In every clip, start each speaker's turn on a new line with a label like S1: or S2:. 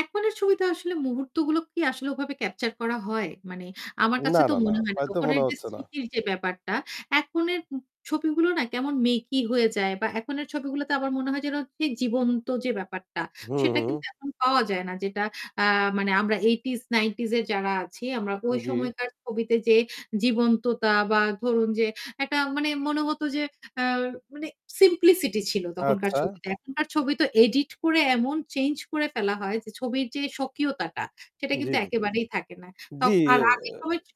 S1: এখননের ছবিটা আসলে মুহূর্তগুলো কি আসলে ওভাবে ক্যাপচার করা হয়? মানে আমার
S2: না,
S1: কাছে তো
S2: না, না।
S1: মনে হয় না।
S2: হয়তো
S1: তখন
S2: মনে
S1: যে
S2: হচ্ছে না।
S1: স্মৃতির যে ব্যাপারটা এখননের ছবিগুলো না কেমন মেকি হয়ে যায় বা এখননের ছবিগুলোতে আমার মনে হয় যেন জীবন্ত যে ব্যাপারটা,
S2: হু,
S1: সেটা
S2: হু।
S1: কিন্তু এখন পাওয়া যায় না। যেটা আ মানে আমরা 8 টিস যারা আছি আমরা ওই
S2: জ্বি।
S1: সময়কার ছবিতে যে জীবন্ততা বা ধরুন যে একটা মানে মনে হতো যে আ মানে সিমপ্লিসিটি ছিল তখনকার
S2: আচ্ছা।
S1: ছবিতে। এখনকার ছবি তো এডিট করে এমন চেঞ্জ করে ফেলা হয় যে ছবির যে স্বকীয়তাটা সেটা কিন্তু
S2: জ্বী, জ্বী।
S1: একেবারেই থাকে না। ত
S2: জ্বি।
S1: আর
S2: এ এ
S1: আগের সময় ছিল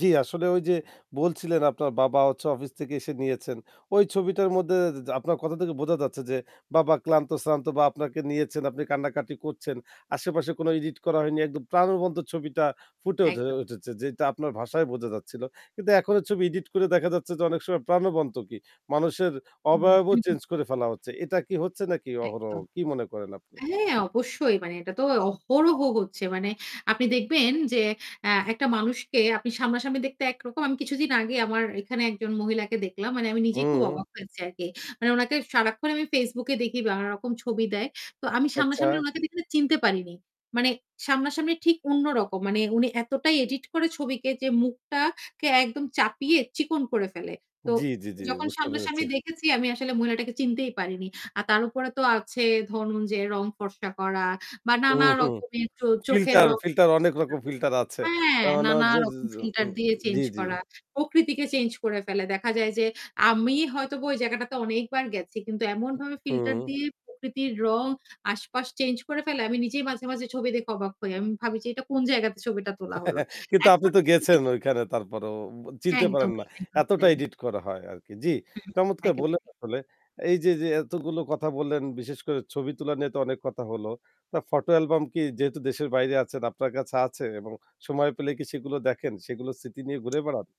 S2: জী আসলে ওই যে বলছিলেন আপনার বাবা হচ্ছে অফিস থেকে এসে নিয়েছেন। ওই ছবিটার মধ্যে আপনার কথা থেকে বোঝা যাচ্ছে যে বাবা ক্লান্ত-শ্রান্ত বা আপনাকে নিয়েছেন, আপনি কান্নাকাটি করছেন। আশেপাশে কোনো এডিট করা হয়নি। একদম প্রাণবন্ত ছবিটা ফুটে উঠে
S1: একদম।
S2: উঠেছে যেটা আপনার ভাষায় বোঝা যাচ্ছিল। কিন্তু এখনো ছবি এডিট করে দেখা যাচ্ছে যে অনেক সময় প্রাণবন্ত কি? মানুষের
S1: হুম।
S2: অবয়বও চেঞ্জ করে ফেলা হচ্ছে। এটা কি হচ্ছে নাকি অহরহ
S1: একদম।
S2: কি মনে করেন আপনি?
S1: হ্যাঁ অবশ্যই। মানে এটা তো অহরহ হচ্ছে। মানে আপনি দেখবেন যে অ্যা একটা মানুষকে আপনি সামনাসামনি দেখতে একরকম। আমি কিছুদিন আগে আমার এখানে একজন মহিলাকে দেখলাম। মানে আমি নিজেই খুব
S2: হুম।
S1: অবাক হয়েছি আরকি। মানে উনাকে সারাক্ষণ আমি Facebook দেখি বা রকম ছবি দেয়। তো আমি
S2: আচ্ছা।
S1: সামনাসামনি ওনাকে চিনতে পারিনি। মানে সামনাসামনি ঠিক অন্য রকম। মানে উনি এতটাই এডিট করে ছবিকে যে মুখটাকে একদম চাপিয়ে চিকন করে ফেলে। তো
S2: জ্বি, জ্বি, জ্বি
S1: যখন
S2: বুঝতে
S1: সামনাসামনি
S2: পেরেছি।
S1: দেখেছি আমি আসলে মহিলাটাকে চিনতেই পারিনি। আর তার উপরে তো আছে ধরুন যে রং ফর্সা করা বা
S2: হুম,
S1: নানা
S2: হুম
S1: রকমের চোখের
S2: ফিল্টার,
S1: রং
S2: ফিল্টার
S1: চেঞ্জ
S2: অনেক
S1: করা।
S2: রকম ফিল্টার আছে।
S1: হ্যাঁ,
S2: তার মানে
S1: নানা
S2: হচ্ছে এ
S1: রকম ফিল্টার দিয়ে চেঞ্জ
S2: জি, জি।
S1: করা। প্রকৃতিকে চেঞ্জ করে ফেলে। দেখা যায় যে আমি হয়তো ওই জায়গাটাতে অনেকবার গেছি। কিন্তু এমনভাবে ফিল্টার
S2: হুম।
S1: দিয়ে প্রকৃতির রং আশপাশ চেঞ্জ করে ফেলে। আমি নিজেই মাঝে মাঝে ছবি দেখে অবাক হই। আমি ভাবি যে এটা কোন জায়গাতে ছবিটা তোলা হল।
S2: কিন্তু আপনি
S1: এখন
S2: তো
S1: ঐ
S2: গেছেন
S1: ছবিতে
S2: ঐখানে তারপরেও চিনতে পারেন
S1: একদমই,
S2: না।
S1: একদমই
S2: এতটা
S1: তাই।
S2: এডিট করা হয় আরকি। জ্বি,
S1: হুম।
S2: চমৎকার বললেন
S1: একেবারেই।
S2: আসলে এই যে, যে এতগুলো কথা বললেন বিশেষ করে ছবি তোলা নিয়ে তো অনেক কথা হল। তা ফটো অ্যালবাম কি যেহেতু দেশের বাইরে আছেন আপনার কাছে আছে এবং সময় পেলে কি সেগুলো দেখেন, সেগুলো স্মৃতি নিয়ে ঘুরে বেড়ান।